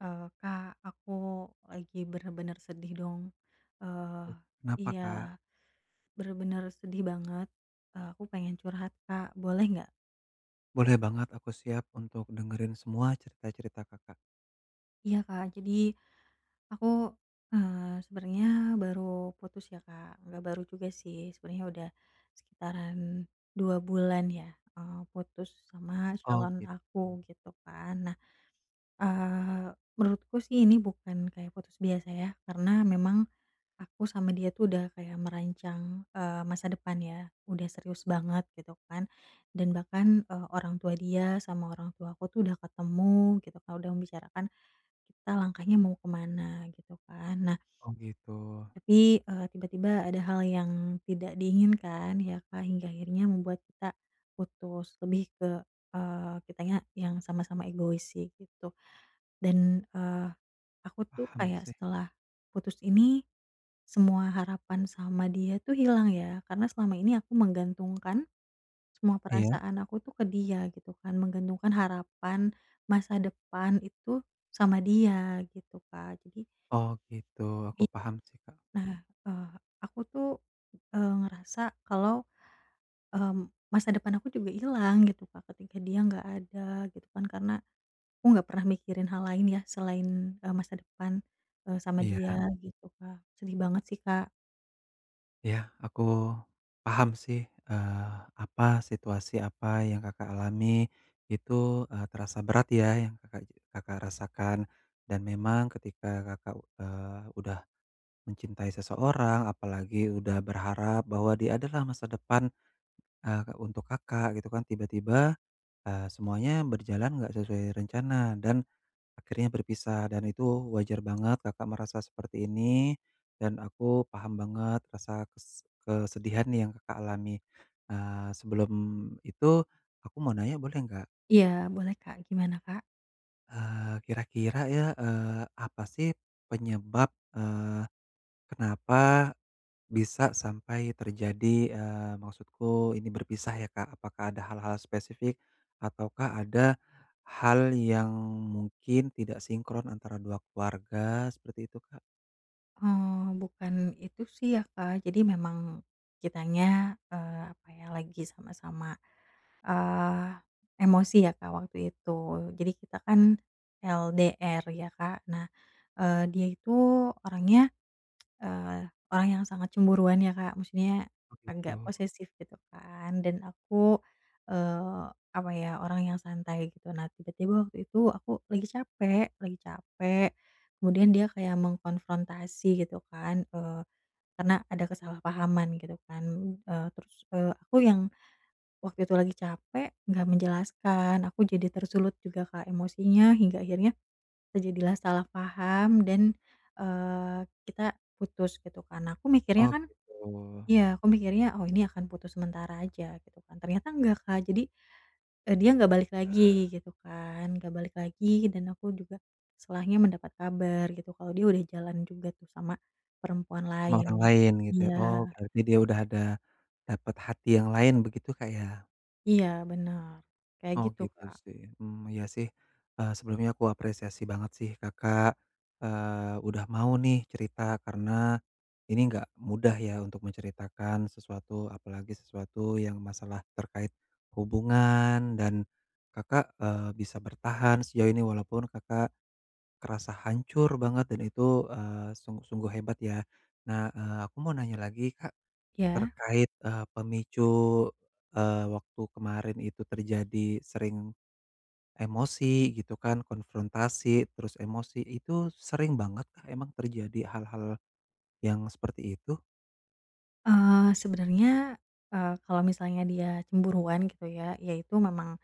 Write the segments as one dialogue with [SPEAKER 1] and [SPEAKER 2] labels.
[SPEAKER 1] Eee, Kak aku lagi bener-bener sedih dong. Eee,
[SPEAKER 2] Oh kenapa,
[SPEAKER 1] iya
[SPEAKER 2] Kak?
[SPEAKER 1] bener-bener sedih banget, eee, aku pengen curhat, Kak, boleh nggak?
[SPEAKER 2] Boleh banget aku siap untuk dengerin semua cerita-cerita, Kakak.
[SPEAKER 1] Iya Kak. Jadi aku, eee, sebenernya baru putus ya, Kak. Nggak baru juga sih sebenernya udah sekitaran 2 bulan ya, eee, putus sama
[SPEAKER 2] Oh
[SPEAKER 1] calon
[SPEAKER 2] gitu.
[SPEAKER 1] aku gitu kan. Nah, eee, menurutku sih ini bukan kayak putus biasa ya, karena memang aku sama dia tuh udah kayak merancang, eee, masa depan ya, udah serius banget gitu kan. Dan bahkan, eee, orang tua dia sama orang tuaku tuh udah ketemu gitu, Kak, udah membicarakan kita langkahnya mau ke mana gitu kan, nah
[SPEAKER 2] Oh gitu.
[SPEAKER 1] tapi, eee, tiba-tiba ada hal yang tidak diinginkan ya, Kak, hingga akhirnya membuat kita putus. Lebih ke, eee, kitanya yang sama-sama egois sih gitu. Dan, eee, aku tuh
[SPEAKER 2] Paham
[SPEAKER 1] kayak
[SPEAKER 2] sih.
[SPEAKER 1] setelah putus ini, semua harapan sama dia tuh hilang ya karena selama ini aku menggantungkan, semua
[SPEAKER 2] Iya.
[SPEAKER 1] perasaan aku tuh ke dia, gitu kan. Menggantungkan harapan, masa depan, itu sama dia gitu, Kak, jadi
[SPEAKER 2] Oh gitu, aku
[SPEAKER 1] It
[SPEAKER 2] paham sih, Kak.
[SPEAKER 1] nah, eee, aku tuh, eee, ngerasa kalau, eee, masa depan aku juga hilang gitu, Kak, ketika dia nggak ada, gitu kan, karena aku nggak pernah mikirin hal lain ya selain, eee, masa depan, eee, sama dia
[SPEAKER 2] Iya.
[SPEAKER 1] gitu, Kak, sedih banget sih, Kak.
[SPEAKER 2] Ya aku paham sih, eee, apa, situasi apa yang Kakak alami itu, eee, terasa berat ya yang Kakak je Kakak rasakan dan memang ketika Kakak, eee, udah mencintai seseorang apalagi udah berharap bahwa dia adalah masa depan, eee, untuk Kakak, gitu kan, tiba-tiba, eee, semuanya berjalan nggak sesuai rencana dan akhirnya berpisah, dan itu wajar banget Kakak merasa seperti ini, dan aku paham banget rasa kes kesedihan yang Kakak alami. Eee, sebelum itu aku mau nanya boleh nggak?
[SPEAKER 1] Iya boleh Kak, gimana, Kak?
[SPEAKER 2] Eee, kira-kira ya, eee, apa sih penyebab, eee, kenapa bisa sampai terjadi, eee, maksudku ini berpisah ya, Kak. Apakah ada hal-hal spesifik ataukah ada hal yang mungkin tidak sinkron antara 2 keluarga? Seperti itu, Kak.
[SPEAKER 1] Oh bukan itu sih ya Kak, jadi memang kitanya, eee, apa ya, lagi sama-sama, eee, emosi ya Kak waktu itu. Jadi kita kan LDR ya Kak. Nah, eee, dia itu orangnya, eee, orang yang sangat cemburuan ya Kak, maksudnya
[SPEAKER 2] Oh
[SPEAKER 1] agak
[SPEAKER 2] gitu.
[SPEAKER 1] posesif gitu kan, dan aku, eee, apa ya orang yang santai gitu, nah tiba-tiba waktu itu aku lagi capek lagi capek kemudian dia kayak mengkonfrontasi gitu kan, eee, karena ada kesalahpahaman gitu kan, eee, terus, eee, aku yang waktu itu lagi capek gak menjelaskan aku jadi tersulut juga Kak emosinya hingga akhirnya terjadilah salah paham dan, eee, kita putus gitu kan. Aku mikirnya
[SPEAKER 2] Oh
[SPEAKER 1] kan
[SPEAKER 2] gitu.
[SPEAKER 1] iya aku mikirnya, "Oh ini akan putus sementara aja." Gitu kan, ternyata enggak Kak jadi, eee, dia gak balik lagi gitu kan, gak balik lagi dan aku juga setelahnya mendapat kabar gitu. Kalau dia udah jalan juga tuh sama perempuan
[SPEAKER 2] Sama orang
[SPEAKER 1] lain.
[SPEAKER 2] lain gitu, oh
[SPEAKER 1] Iya.
[SPEAKER 2] berarti dia udah ada dapat hati yang lain begitu Kak, ya?
[SPEAKER 1] Iya bener, kaya
[SPEAKER 2] Oh
[SPEAKER 1] gitu
[SPEAKER 2] gitu
[SPEAKER 1] Kak.
[SPEAKER 2] sih. Hmm ya sih, eee, sebelumnya ku apresiasi banget sih Kakak, eee, udah mau nih cerita karena ini nggak mudah ya untuk menceritakan sesuatu, apalagi sesuatu yang masalah terkait hubungan, dan Kakak, eee, bisa bertahan sejauh ini walaupun Kakak kerasa hancur banget dan itu, eee, sungguh-sungguh hebat ya. Nah, eee, aku mau nanya lagi Kak
[SPEAKER 1] Iya.
[SPEAKER 2] terkait, eee, pemicu, eee, waktu kemarin itu terjadi sering emosi gitu kan, konfrontasi, terus emosi, itu sering banget emang terjadi hal-hal yang seperti itu?
[SPEAKER 1] Eee, sebenernya, eee, kalau misalnya dia cemburuan gitu ya, ya itu memang,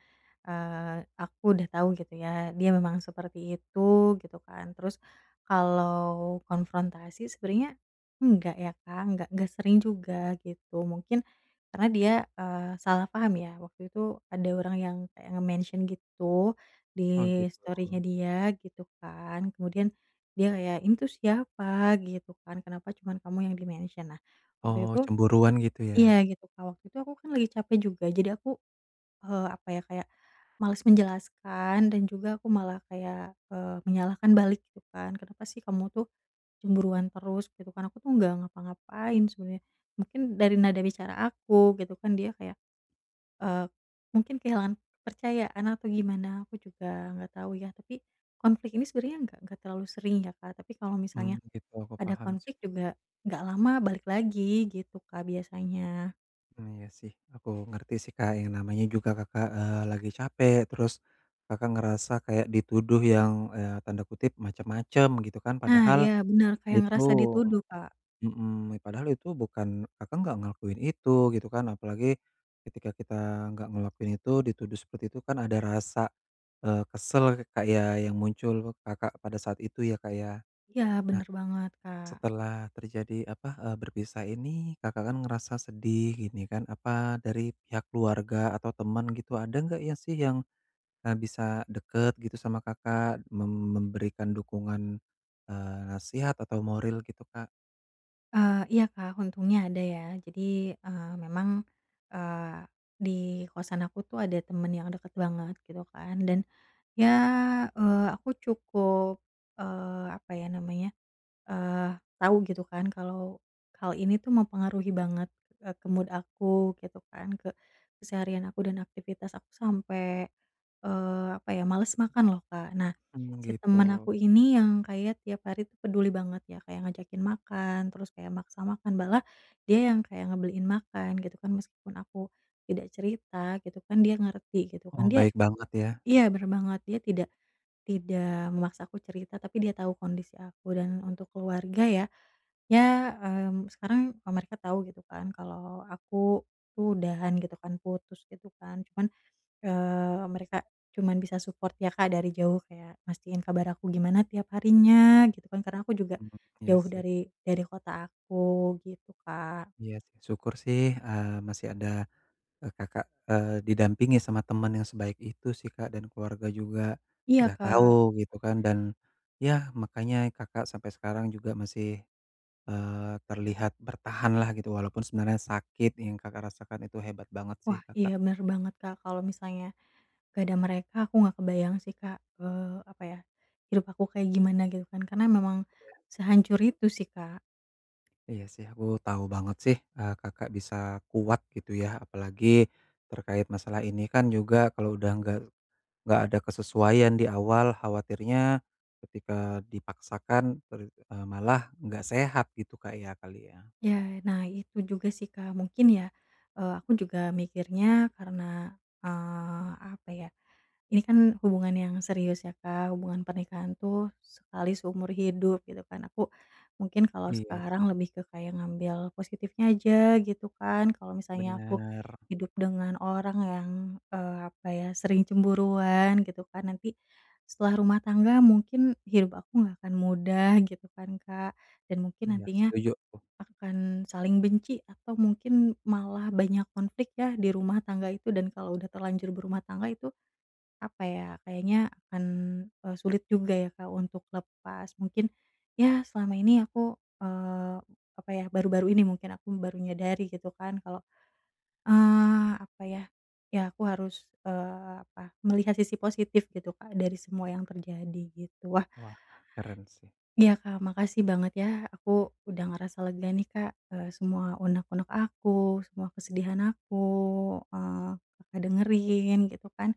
[SPEAKER 1] eee, aku udah tau gitu ya dia memang seperti itu. gitu kan, terus kalau konfrontasi sebenernya enggak ya Kak, enggak enggak sering juga gitu mungkin karena dia, eee, salah paham ya, waktu itu ada orang yang kayak nge-mention gitu
[SPEAKER 2] Oh
[SPEAKER 1] di
[SPEAKER 2] gitu.
[SPEAKER 1] story-nya dia gitu kan, kemudian dia ya, "Ini tuh siapa?" Gitu kan, "Kenapa cuman kamu yang di-mention?" Nah waktu
[SPEAKER 2] Oh
[SPEAKER 1] itu
[SPEAKER 2] cemburuan gitu
[SPEAKER 1] iya
[SPEAKER 2] ya.
[SPEAKER 1] gitu Kak, waktu itu aku kan lagi capek juga jadi aku, eee, apa ya kayak males menjelaskan dan juga aku malah kayak, eee, menyalahkan balik gitu kan, "Kenapa sih kamu tuh cemburuan terus?" Gitu kan, "Aku tuh gak ngapa-ngapain sebenernya." Mungkin dari nada bicara aku gitu kan, dia kayak, eee, mungkin kehilangan kepercayaan atau gimana, aku juga gak tau ya, tapi konflik ini sebenernya gak gak terlalu sering ya Kak, tapi kalau
[SPEAKER 2] Hmm
[SPEAKER 1] misalnya
[SPEAKER 2] gitu, aku
[SPEAKER 1] ada
[SPEAKER 2] paham sih.
[SPEAKER 1] konflik juga gak lama, balik lagi gitu Kak biasanya.
[SPEAKER 2] Mmm, iya sih aku ngerti sih Kak yang namanya juga Kakak, eee, lagi capek terus Kakak ngerasa kayak dituduh yang, eee, tanda kutip macem-macem gitu kan,
[SPEAKER 1] Nah
[SPEAKER 2] padahal
[SPEAKER 1] iya bener, kayak
[SPEAKER 2] itu
[SPEAKER 1] ngerasa dituduh Kak.
[SPEAKER 2] mhm, padahal itu bukan, Kakak enggak ngelakuin itu gitu kan, apalagi ketika kita nggak ngelakuin itu, dituduh seperti itu kan ada rasa, eee, kesel kayak yang muncul Kakak pada saat itu ya Kak ya.
[SPEAKER 1] Iya
[SPEAKER 2] Nah,
[SPEAKER 1] bener banget Kak.
[SPEAKER 2] setelah terjadi, apa, eee, berpisah ini Kakak kan ngerasa sedih gini kan, apa dari pihak keluarga atau teman gitu, ada gak ya sih yang, eee, bisa deket gitu sama Kakak mem memberikan dukungan, eee, nasihat atau moril gitu Kak?
[SPEAKER 1] Eee, iya Kak untungnya ada ya jadi, eee, memang, eee, di kosan aku tuh ada temen yang deket banget gitu kan, dan ya, eee, aku cukup, eee, apa ya namanya, eee, tau gitu kan kalau hal ini tuh mempengaruhi banget ke, eee, mood aku gitu kan, ke keseharian aku dan aktivitas aku sampe, eee, apa ya, males makan loh Kak. Nah
[SPEAKER 2] Mmm
[SPEAKER 1] si temen
[SPEAKER 2] gitu.
[SPEAKER 1] aku ini yang kayak tiap hari tuh peduli banget ya, kayak ngajakin makan, terus kayak maksa makan, malah dia yang kayak ngebeliin makan gitu kan, meskipun aku tidak cerita gitu kan, dia ngerti gitu kan
[SPEAKER 2] Oh
[SPEAKER 1] dia
[SPEAKER 2] baik banget ya.
[SPEAKER 1] iya bener banget, dia tidak tidak memaksa aku cerita tapi dia tau kondisi aku, dan untuk keluarga ya, ya, mmm, sekarang, eee, mereka tau gitu kan kalau aku tuh udahan gitu kan, putus gitu kan cuman, eee, mereka cuman bisa support ya Kak dari jauh, kayak mastiin kabar aku gimana tiap harinya gitu kan karena aku juga
[SPEAKER 2] Mmm, ya
[SPEAKER 1] jauh
[SPEAKER 2] sih.
[SPEAKER 1] dari dari kota aku gitu Kak.
[SPEAKER 2] Iya sih, syukur sih, eee, masih ada, eee, Kakak, eee, didampingi sama temen yang sebaik itu sih Kak, dan keluarga juga
[SPEAKER 1] Iya
[SPEAKER 2] udah tahu
[SPEAKER 1] Kak.
[SPEAKER 2] gitu kan, dan ya makanya Kakak sampai sekarang juga masih, eee, terlihat bertahanlah gitu walaupun sebenarnya sakit yang Kakak rasakan itu, hebat banget sih
[SPEAKER 1] Wah
[SPEAKER 2] Kakak.
[SPEAKER 1] iya bener banget Kak, kalau misalnya gak ada mereka, aku gak kebayang sih Kak, eee, apa ya, hidup aku kayak gimana gitu kan, karena memang
[SPEAKER 2] Iya.
[SPEAKER 1] sehancur itu sih Kak.
[SPEAKER 2] Iya sih aku tahu banget sih, eee, Kakak bisa kuat gitu ya, apalagi terkait masalah ini kan juga kalo udah gak gak ada kesesuaian di awal, khawatirnya ketika dipaksakan ter eee, malah gak sehat gitu Kak, ya, kali ya.
[SPEAKER 1] Ya, nah itu juga sih Kak, mungkin ya, eee, aku juga mikirnya karena, eee, apa ya, ini kan hubungan yang serius ya Kak, hubungan pernikahan tuh sekali seumur hidup gitu kan, aku mungkin kalau
[SPEAKER 2] Iya
[SPEAKER 1] sekarang
[SPEAKER 2] sih.
[SPEAKER 1] lebih ke kayak ngambil positifnya aja gitu kan, kalau misalnya aku
[SPEAKER 2] Bener.
[SPEAKER 1] hidup dengan orang yang, eee, apa ya, sering cemburuan gitu kan, nanti setelah rumah tangga mungkin hidup aku gak akan mudah gitu kan Kak, dan mungkin
[SPEAKER 2] Iya,
[SPEAKER 1] nantinya
[SPEAKER 2] setuju tuh.
[SPEAKER 1] akan saling benci atau mungkin malah banyak konflik ya di rumah tangga itu, dan kalau udah terlanjur berumah tangga itu, apa ya, kayaknya akan, eee, sulit juga ya Kak untuk lepas, mungkin ya selama ini aku, eee, apa ya, baru-baru ini mungkin aku baru menyadari gitu kan kalau, eee, apa ya, ya aku harus, eee, apa, melihat sisi positif gitu Kak, dari semua yang terjadi gitu, wah
[SPEAKER 2] Wah keren sih.
[SPEAKER 1] iya Kak makasih banget ya, aku udah ngerasa lega nih Kak, eee, semua unek-unek aku, semua kesedihan aku, eee, Kakak dengerin gitu kan.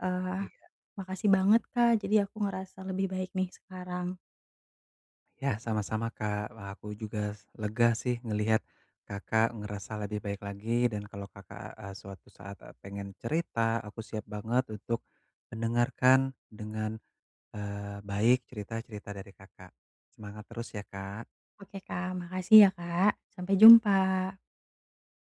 [SPEAKER 1] Eee,
[SPEAKER 2] Iya.
[SPEAKER 1] makasih banget Kak jadi aku ngerasa lebih baik nih sekarang.
[SPEAKER 2] Yah sama-sama Kak, wah aku juga lega sih ngeliat Kakak ngerasa lebih baik lagi dan kalau Kakak, eee, suatu saat, eee, pengen cerita, aku siap banget untuk mendengarkan dengan, eee, baik cerita-cerita dari Kakak, semangat terus ya Kak.
[SPEAKER 1] Oke Kak, makasih ya Kak, sampai jumpa.